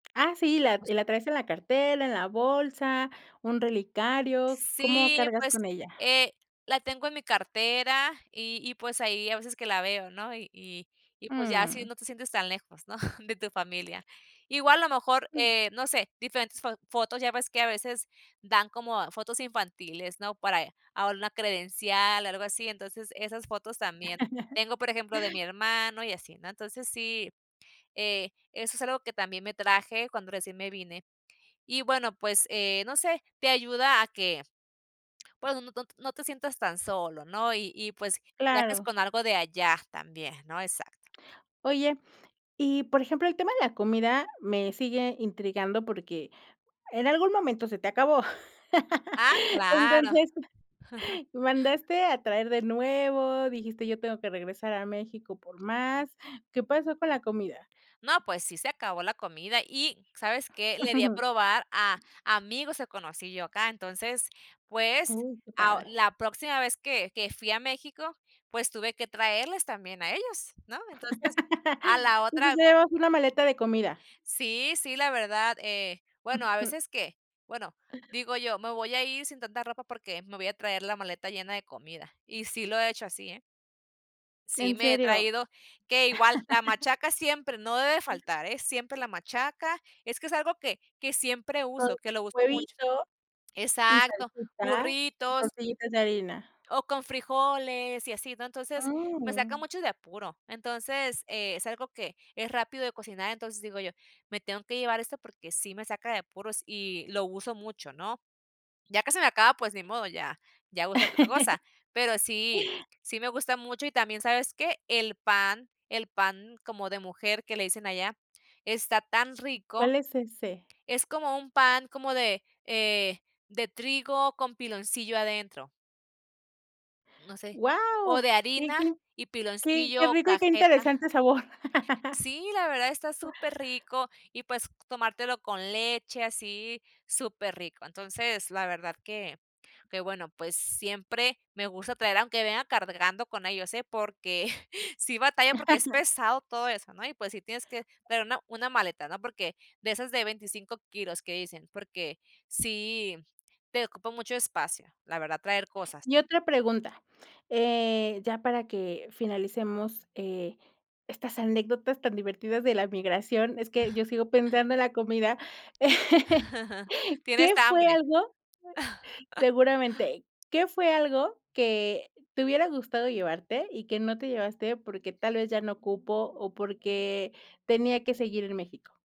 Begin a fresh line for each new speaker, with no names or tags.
Ah, sí. Y la y
Puesta.
la traes en la cartera, en la bolsa, un relicario, ¿cómo
Sí,
cargas
pues,
con ella?
eh, la tengo en mi cartera y y, pues, ahí hay veces que la veo, ¿no?, y y y pues, ya así
Mm.
no te sientes tan lejos, ¿no? de tu familia. Igual, a lo mejor,
[unintelligible]
eh, no sé, diferentes fo fotos, ya ves que a veces dan como fotos infantiles, ¿no?, para ella, alguna una credencial, algo así, entonces esas fotos también. Tengo, por ejemplo, de mi hermano y así, ¿no? Entonces sí, eh, eso es algo que también me traje cuando recién me vine. Y bueno, pues, eh, no sé, te ayuda a que, pues, no no no no te sientas tan solo, ¿no? Y y, pues, viajes
Claro.
con algo de allá también, ¿no? Exacto.
Oye, y, por ejemplo, el tema de la comida me sigue intrigando porque en algún momento se te acabó.
Ah, claro.
Entonces, mandaste a traer de nuevo, dijiste: "Yo tengo que regresar a México por más". ¿Qué pasó con la comida?
No, pues, sí se acabó la comida. Y, ¿sabes qué? Le di a probar a amigos que conocí yo acá. Entonces, pues,
Uh, que
a
padre.
la próxima vez que que fui a México, pues, tuve que traerles también a ellos, ¿no? Entonces, a la
Y pues,
otra
ya llevas una maleta de comida.
Sí, sí, la verdad. Eh, bueno, a
Ujú.
veces que bueno, digo yo: "Me voy a ir sin tanta ropa porque me voy a traer la maleta llena de comida", y sí lo he hecho así, eh. Sí
¿En
me he
serio?
traído que igual la machaca siempre, no debe faltar, eh, siempre la machaca. Es que es algo que que siempre
Con
uso, que lo uso mucho.
huevito, y
Exacto,
salsita, y
burritos
tortillitas de harina.
O con frijoles y así, ¿no? Entonces, me saca
Mm.
mucho de apuro. Entonces, eh, es algo que es rápido de cocinar, entonces digo yo: "Me tengo que llevar esto porque sí me saca de apuros y lo uso mucho", ¿no? Ya que se me acaba, pues, ni modo, ya ya uso otra cosa. Pero sí, sí me gusta mucho y también, ¿sabes qué? El pan. El pan como de mujer que le dicen allá, está tan rico.
¿Cuál es ese?
Es como un pan como de, eh, de trigo con piloncillo adentro. No sé. O
Guau,
de
qué
harina
qué
y
qué qué
piloncillo o
rico y qué
cajeta.
interesante sabor.
Sí, la verdad está superrico, y pues, tomártelo con leche, así, superrico. Entonces, la verdad que que, bueno, pues, siempre me gusta traer aunque venga cargando con ellos, ¿eh? Porque sí batallo, porque es pesado todo eso, ¿no? Y, pues, sí tienes que traer una una maleta, ¿no? Porque de esas de 25 kilos que dicen, porque sí, te ocupa mucho espacio, la verdad, traer cosas.
Y otra pregunta, eh, ya para que finalicemos, eh, estas anécdotas tan divertidas de la migración, es que yo sigo pensando en la comida.
Tienes
¿Qué fue
hambre.
algo? Seguramente. ¿Qué fue algo que te hubiera gustado llevarte y que no te llevaste porque tal vez ya no cupo o porque tenía que seguir en México?